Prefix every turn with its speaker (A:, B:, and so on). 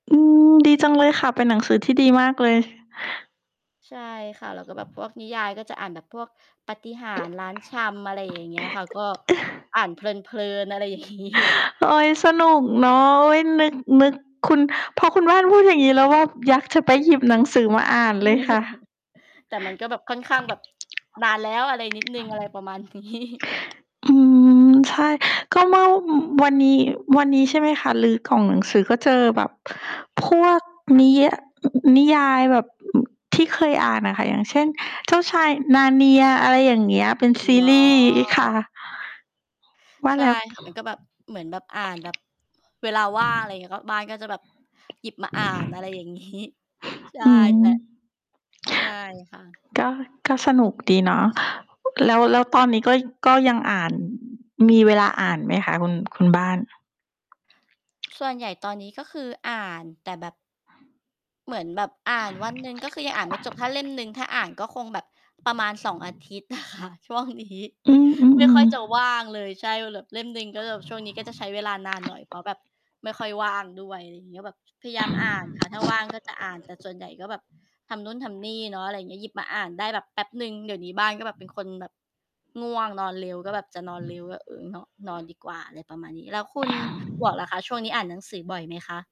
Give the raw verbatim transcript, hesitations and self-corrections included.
A: อืม ดีจังเลยค่ะ เป็นหนังสือที่ดีมากเลย
B: ใช่ค่ะ แล้วก็แบบพวกนิยายก็จะอ่านแบบพวกปาฏิหาริย์ร้านชำ อะไรอย่างเงี้ยค่ะ ก็อ่านเพลิน ๆ อะไรอย่าง งี้
A: โอ๊ย สนุกเนาะ โอ๊ย นึก นึก คุณ พอคุณบ้านพูดอย่างงี้ แล้วก็อยากจะไปหยิบหนังสือมาอ่านเลยค่ะ
B: แต่มันก็แบบค่อนข้างแบบนานแล้ว อะไรนิดหนึ่ง อะไรประมาณ นี้
A: อืม ใช่ ก็เมื่อ ว วันนี้ วันนี้ใช่ไหมคะ รื้อกล่องหนังสือ ก็เจอแบบพวกนิ ย อ นิยายแบบที่เคยอ่านอะค่ะ อย่างเช่น เจ้าชาย Narnia อะไรอย่างเงี้ย เป็น
B: อ
A: ซี
B: ๋
A: รีส์ค่ะ
B: อ
A: ว่า
B: ใช
A: แ
B: ่
A: ล้ว
B: ค่ะ มันก็แบบ เหมือนแบบอ่านแบบเวลาว่าง อะไรอย่างงี้ ก็บ้านก็จะแบบหยิบมาอ่าน อะไรอย่าง งี้ ใช่
A: อื
B: แต
A: ม
B: ่ ใช่ค่ะ
A: ก็ ก็สนุกดีเนาะ แล้ว แล้วตอนนี้ก็ ก็ยังอ่าน มีเวลาอ่านไหมคะคุณ คุณบ้าน?
B: ส่วนใหญ่ตอนนี้ ก็คืออ่านแต่แบบ เหมือนแบบอ่านวันหนึ่ง ก็คือยังอ่านไม่จบ ถ้าเล่มหนึ่งถ้าอ่านก็คงแบบประมาณ สอง อาทิตย์ อะค่ะช่วงนี้
A: อื
B: ไม่ค่อ
A: อ
B: ย
A: ๆ
B: จะว
A: ๆ
B: ่างเลย ใช่ แบบเล่มหนึ่ง ก็จะแบบช่วงนี้ก็จะใช้เวลานานหน่อย เพราะแบบไม่ค่อยว่างด้วย อะไรงี้ ก็แบบพยายามอ่านค่ะ ถ้าว่างก็จะอ่าน แต่ส่วนใหญ่ก็แบบทำนู่นทำนี่เนาะ อะไรอย่างเงี้ย หยิบมาอ่านได้แบบแป๊บหนึ่ง เดี๋ยวนี้บ้านก็แบบเป็นคนแบบง่วงนอนเร็ว ก็แบบจะนอนเร็ว ก็ เออ เนาะ นอนดีกว่า อะไรประมาณนี้ แล้วคุณหมวกล่ะคะ ช่วงนี้อ่านหนังสือบ่อยไหมคะ?